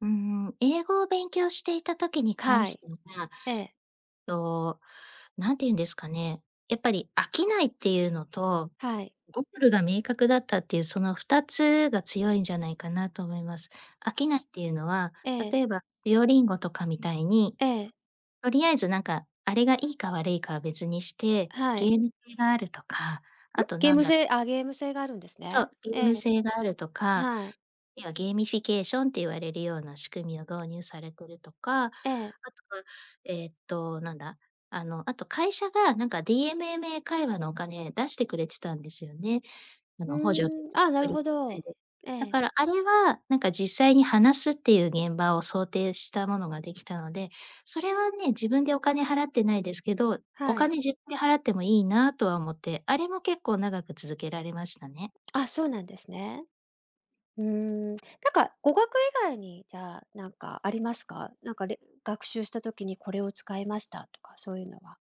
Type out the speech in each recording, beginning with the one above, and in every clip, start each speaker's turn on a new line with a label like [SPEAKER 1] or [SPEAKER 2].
[SPEAKER 1] うーん、英語を勉強していた時に関
[SPEAKER 2] は
[SPEAKER 1] し
[SPEAKER 2] い。
[SPEAKER 1] ては。
[SPEAKER 2] ええ。
[SPEAKER 1] と、何ていうんですかね、やっぱり飽きないっていうのと、
[SPEAKER 2] はい。
[SPEAKER 1] ゴールが明確だったっていうその2つが強いんじゃないかなと思います。飽きないっていうのは、
[SPEAKER 2] ええ。
[SPEAKER 1] 例えば Duolingo とかみたいに、
[SPEAKER 2] ええ。
[SPEAKER 1] とりあえずなんか、あれがいいか悪いかは別にして、
[SPEAKER 2] は
[SPEAKER 1] ゲ
[SPEAKER 2] い。
[SPEAKER 1] ーム性があるとか、
[SPEAKER 2] ん、
[SPEAKER 1] あと
[SPEAKER 2] ゲー
[SPEAKER 1] なん
[SPEAKER 2] ム
[SPEAKER 1] だ
[SPEAKER 2] 性あ、ゲーム性があるんです
[SPEAKER 1] そ
[SPEAKER 2] ね。
[SPEAKER 1] う、ゲー
[SPEAKER 2] え
[SPEAKER 1] ム
[SPEAKER 2] え。
[SPEAKER 1] 性があるとか、
[SPEAKER 2] はい。
[SPEAKER 1] 要はゲーミフィケーションって言われるような仕組みを導入されてるとか、あ
[SPEAKER 2] ええ。
[SPEAKER 1] とは、ええと、なんだ、あの、あと会社がなんか DMM 英会話のお金出してくれてたんですよね。あ
[SPEAKER 2] ふ
[SPEAKER 1] の、補助で。
[SPEAKER 2] ーん、あ、な
[SPEAKER 1] 福
[SPEAKER 2] る
[SPEAKER 1] 利
[SPEAKER 2] ほ
[SPEAKER 1] 厚
[SPEAKER 2] ど。
[SPEAKER 1] 生で。
[SPEAKER 2] え
[SPEAKER 1] だ
[SPEAKER 2] え。
[SPEAKER 1] からあれは、なんか実際に話すっていう現場を想定したものが、できたので、それはね、自分でお金払ってないですけど、お
[SPEAKER 2] はい。
[SPEAKER 1] 金自分で払ってもいいなとは思って、あれも結構長く続けられましたね。
[SPEAKER 2] あ、そうなんですね。うーん。なんか語学以外に、じゃあ、なんかありますか？なんか、れん学習した時にこれを使いましたとか、そういうのは。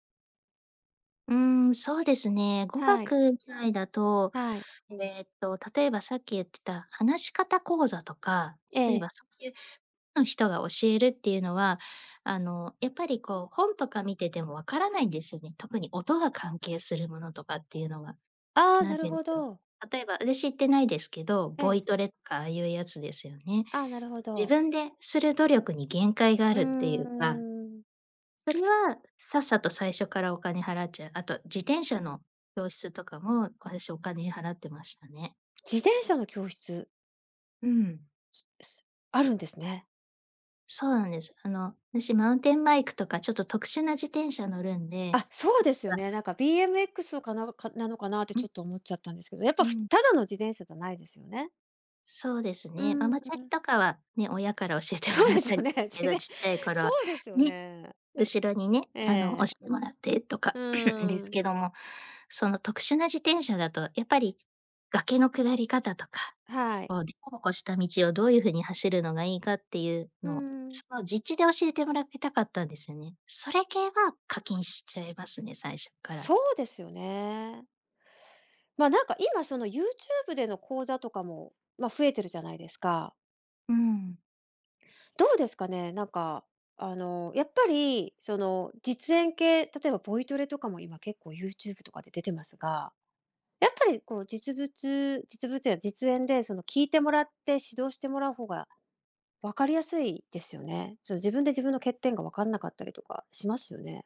[SPEAKER 1] うーん、そうですね。語
[SPEAKER 2] はい。
[SPEAKER 1] 学以外だと、
[SPEAKER 2] はい。
[SPEAKER 1] えと、例えばさっき言ってた話し方講座とか、
[SPEAKER 2] え
[SPEAKER 1] 例え
[SPEAKER 2] え。
[SPEAKER 1] ば、そうゆう、ん人が教えるっていうのは、あの、やっぱりこう本とか見てても分からないんですよね。特に音が関係するものとかっていうのは。
[SPEAKER 2] ああ、
[SPEAKER 1] な
[SPEAKER 2] な
[SPEAKER 1] んて
[SPEAKER 2] る
[SPEAKER 1] いうんで
[SPEAKER 2] ほ
[SPEAKER 1] しょう。
[SPEAKER 2] ど。
[SPEAKER 1] 例えばあたし行ってないですけど、
[SPEAKER 2] え
[SPEAKER 1] ボイ
[SPEAKER 2] え。
[SPEAKER 1] トレとかああいうやつですよね。
[SPEAKER 2] ああ、なるほ
[SPEAKER 1] 自
[SPEAKER 2] ど。
[SPEAKER 1] 分でする努力に限界があ
[SPEAKER 2] うー
[SPEAKER 1] るっていうか
[SPEAKER 2] ん。
[SPEAKER 1] それは、さっさと最初からお金払っちゃう。あと自転車の教室とかも、私お金払ってましたね。
[SPEAKER 2] 自転車の教室？
[SPEAKER 1] うん。
[SPEAKER 2] すすあるんですね。
[SPEAKER 1] そうなんです。あの、あたしマウンテンバイクとかちょっと特殊な自転車乗るんで。
[SPEAKER 2] あ、そうです
[SPEAKER 1] ふ
[SPEAKER 2] よね、なん
[SPEAKER 1] [unintelligible]
[SPEAKER 2] か BMX をかなかなのかなって
[SPEAKER 1] う
[SPEAKER 2] ちょ
[SPEAKER 1] ん。
[SPEAKER 2] っと思っちゃったんですけど、やっぱ
[SPEAKER 1] う
[SPEAKER 2] ふ
[SPEAKER 1] ん。
[SPEAKER 2] ただの自転車じゃないですよね。
[SPEAKER 1] そうです
[SPEAKER 2] う
[SPEAKER 1] ね、マ
[SPEAKER 2] ー
[SPEAKER 1] マチャリ
[SPEAKER 2] ん。
[SPEAKER 1] とかはね、親から教えても
[SPEAKER 2] そう
[SPEAKER 1] らっ
[SPEAKER 2] です
[SPEAKER 1] た
[SPEAKER 2] よ
[SPEAKER 1] りで
[SPEAKER 2] ね。
[SPEAKER 1] す
[SPEAKER 2] じ
[SPEAKER 1] け
[SPEAKER 2] ぜ
[SPEAKER 1] ど、
[SPEAKER 2] ん
[SPEAKER 1] ちっちゃい
[SPEAKER 2] そ
[SPEAKER 1] 頃
[SPEAKER 2] うですよ
[SPEAKER 1] ね、
[SPEAKER 2] ね。ん
[SPEAKER 1] 後ろにね、あの押
[SPEAKER 2] ええ。
[SPEAKER 1] してもらってとか
[SPEAKER 2] う
[SPEAKER 1] で
[SPEAKER 2] ー
[SPEAKER 1] す
[SPEAKER 2] ん。
[SPEAKER 1] けども、その特殊な自転車だとやっぱり、崖の下り方とか、
[SPEAKER 2] はい。
[SPEAKER 1] こう、でこぼこした道をどういうふうに走るのがいいかっていう
[SPEAKER 2] う
[SPEAKER 1] のを、
[SPEAKER 2] ん。
[SPEAKER 1] その実地で教えてもらってたかったんですよね。それ系は課金しちゃいますね、最初っから。
[SPEAKER 2] そうですよね。ま、なんか今、その、YouTube での講座とかも、ま、増えてるじゃないですか？
[SPEAKER 1] うーん。
[SPEAKER 2] どうですかね？なんか、あの、やっぱり、その実演系、例えばボイトレとかも今結構 YouTube とかで出てますが。やっぱり、こう実物実物や実演で、その聞いてもらって指導してもらう方が分かりやすいですよね。その自分で自分の欠点が分かんなかったりとかしますよね。